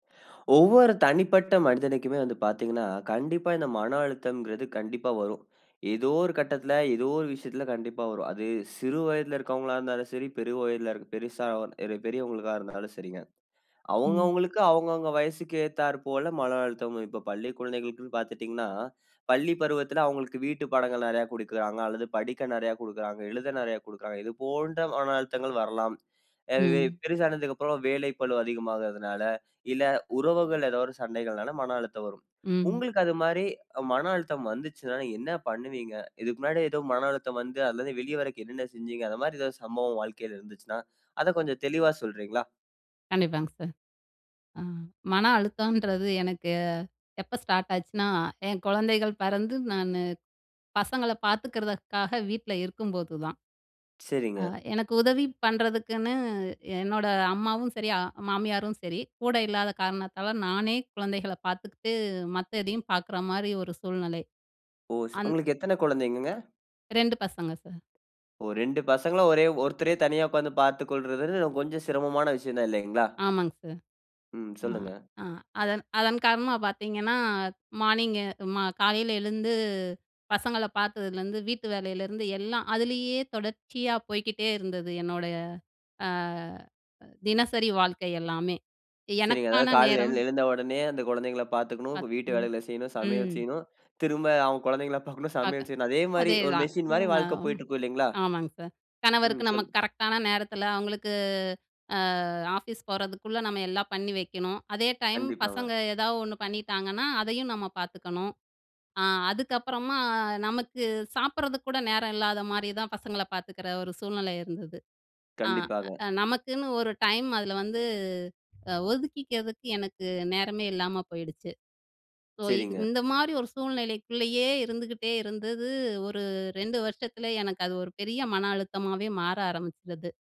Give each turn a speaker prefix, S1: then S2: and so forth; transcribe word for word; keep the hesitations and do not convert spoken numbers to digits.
S1: ஒவ்வொரு தனிப்பட்ட மனிதனுக்குமே வந்து பார்த்தீங்கன்னா, கண்டிப்பா இந்த மன அழுத்தங்கிறது கண்டிப்பா வரும். ஏதோ ஒரு கட்டத்தில, ஏதோ ஒரு விஷயத்தில கண்டிப்பா வரும். அது சிறு வயதுல இருக்கிறவங்களாருந்தாலும் சரி, பெரு வயதில பெருசா அ இரு பெரியவங்களுக்கா இருந்தாலும் சரிங்க.
S2: ம்.
S1: அவுங்கவுங்களுக்கு அவுங்கவுங்க வயசுக்கு ஏத்தார் போல மன அழுத்தம் இப்ப பள்ளி குழந்தைகளுக்கு பார்த்துட்டீங்கனா பள்ளி பருவத்தில அவுங்களுக்கு வீட்டு பாடங்கள் நிறைய குடுக்கிறாங்க அல்லது படிக்க நிறைய குடுக்கிறாங்க. எழுத நிறைய குடுக்கிறாங்க. இது போன்ற மன அழுத்தங்கள் வரலாம். அ இதே
S2: ம்.
S1: பெருசானதுக்கு அப்புறம், வேலை பளு அதிகமாகறதனால, இல்ல உறவுகள் ஏதோ ஒரு சண்டைகள்னால மன அழுத்தம் வரும்.
S2: ம்.
S1: உங்களுக்கு அது மாரி மன அழுத்தம் வந்ததுச்சுனா என்ன பண்ணுவீங்க? இதுக்கு முன்னாடி ஏதோ மன அழுத்தம் வந்து அல்லது வெளியவரக் என்னனன்ன செஞ்சிங்க, அந்த மாரி ஏதாவது சம்பவம் வாழ்க்கையில இருந்ததுச்சுனா, அத கொஞ்சம் தெளிவா சொல்றீங்களா?
S2: கண்டிப்பாங் சார். அ மன அழுத்தம்ன்றது எனக்கு எப்ப ஸ்டார்ட் ஆச்சுனா? என் குழந்தைகள் பிறந்து நானு, பசங்கள பார்த்துக்கிறதுக்காக வீட்ல இருக்கும்போது தான். அ
S1: சரிங்க.
S2: எனக்கு உதவி பண்றதுக்குன்னு, என்னோட அம்மாவும் சரி அ மாமியாரும் சரி, கூட இல்லாத காரணத்தால நானே குழந்தைகள பார்த்துக்கிட்டு, மத்ததையும் பார்க்குற மாரி ஒரு சூழ்நிலை.
S1: ஓ! ச
S2: அந்
S1: உங்களுக்கு எத்தன குழந்தைங்கங்க?
S2: ரெண்டு பசங்க சார்.
S1: ஓ ரெண்டு பசங்கள ஒரே ஒருத்தரே தனியா உட்கார்ந்து பார்த்து கொள்றதுனு கொஞ்சம் சிரமமான விஷயம் தான் இல்லைங்களா?
S2: ஆமாங் சார்.
S1: ம்.
S2: ஆ
S1: சொல்லுங்க.
S2: அ அதன் அதன் காரணமா பார்த்தீங்கன்னா, மார்னிங் மா காலையில எழுந்து, பசங்கள பார்த்ததுலருந்து, வீட்டு வேலையிலேருந்து எல்லாம். அதிலேயே தொடர்ச்சியா போய்க்கிட்டே இருந்தது என்னோட அ தினசரி வாழ்க்கை எல்லாமே.
S1: சரிங்க
S2: எனக்கான
S1: அதாவது காலைல எழ
S2: நேரம்
S1: எழுந்த உடனே, அந்த குழந்தைங்கள பாத்துக்கணும்.
S2: அத்
S1: வீட்டு
S2: ம்,
S1: வேலைகள செய்யணும். சமையல்
S2: ம்.
S1: செய்யணும். திரும்ப அவங் குழந்தைங்கள பாக்கணும். சமையல்
S2: பார்க்க.
S1: செய்யணும். அதே மாரி
S2: அதே
S1: ஒரு
S2: தான்.
S1: மிஷின் மாரி
S2: அ
S1: வாழ்க்க போயிட்டுருக்கும் இல்லைங்களா?
S2: ஆமாங்க சார்.
S1: ம்.
S2: கணவருக்கு நம்ம
S1: சொல்லு
S2: கரெக்ட்‌டான நேரத்துல அவங்களுக்கு, அ ஆஃபீஸ் போறதுக்குள்ள நம்ம எல்லாம் பண்ணி வக்கணும். அதே டைம்
S1: கண்டிப்பாங்க.
S2: பசங்க ஏதாவது ஒண்ணு பண்ணிட்டாங்கன்னா, அதையும் நம்ம பார்த்துக்கணும். அ அதுக்கப்புறமா, நமக்கு சாப்பிடறதுக்கு கூட நேரம் இல்லாத மாரி தான் பசங்கள பார்த்துக்கிற ஒரு சூழ்நிலை இருந்தது. அ
S1: கண்டிப்பாக.
S2: அ நமக்குன்னு ஒரு டைம் அதுல வந்து ஒதுக்கிக்கிறதுக்கு எனக்கு நேரமே இல்லாம போயிடுச்சு. ஸோ க்
S1: சரிங்க.
S2: இந்த மாரி ஒரு சூழ்நிலைக்குள்ளேயே இருந்துகிட்டே இருந்தது. ஒரு ரெண்டு வருஷத்துல எனக்கு அது ஒரு பெரிய மன அழுத்தமாவே மாற ஆரம்பிச்சுது.